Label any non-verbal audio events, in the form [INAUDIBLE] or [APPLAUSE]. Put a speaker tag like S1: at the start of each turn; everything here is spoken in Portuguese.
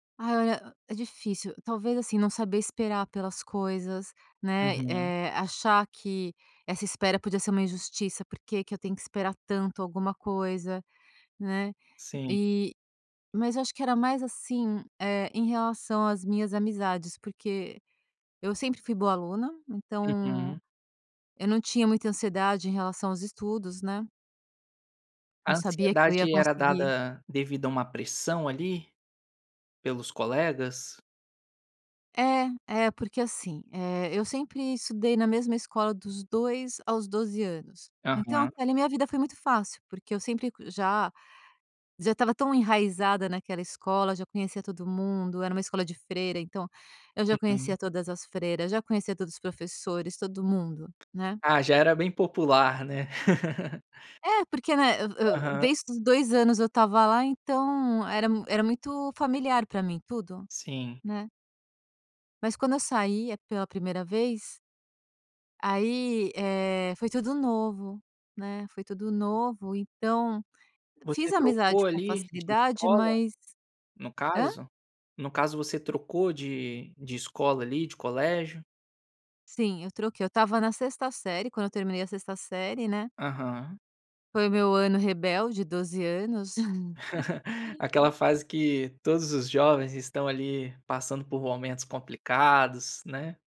S1: Ai, o é difícil. Talvez, assim, não saber esperar pelas coisas, né,
S2: Uhum.
S1: eh, achar que essa espera podia ser uma injustiça, "Por que que eu tenho que esperar tanto alguma coisa", né.
S2: Sim.
S1: E mas eu acho que era mais, assim, eh, em relação às minhas amizades, porque eu sempre fui boa aluna, então
S2: Uhum.
S1: eu não tinha muita ansiedade em relação aos estudos, né. Eu
S2: A
S1: sabia que eu ia
S2: ansiedade era
S1: conseguir.
S2: dada devido a uma pressão ali, pelos colegas?
S1: É, é, porque assim, eh, eu sempre estudei na mesma escola dos 2 aos 12 anos. Então
S2: Aham.
S1: até ali minha vida foi muito fácil, porque eu sempre já já estava tão enraizada naquela escola, já conhecia todo mundo, era uma escola de freira, então eu já conhecia todas as freiras, já conhecia todos os professores, todo mundo, né.
S2: Ah, já era bem popular, né. [LAUGHS]
S1: É, porque né, eu eu
S2: Aham.
S1: desde os 2 anos eu estava lá então era era muito familiar pra mim tudo,
S2: Sim.
S1: né. Mas quando eu sai a pela 1º vez aí, eh, foi tudo novo, né, foi tudo novo, então
S2: Você
S1: fiz amizade
S2: trocou
S1: com
S2: ali de
S1: facilidade,
S2: escola,
S1: mas
S2: no
S1: Hã?
S2: caso? No caso você trocou de de escola ali, de colégio?
S1: Sim, eu troquei. Eu estava na 6º série, quando eu terminei a 6º série, né
S2: Aham.
S1: foi meu ano rebelde, 12 anos.
S2: [CHUCKLES] Aquela
S1: [LAUGHS]
S2: fase que todos os jovens estão ali passando por momentos complicados, né.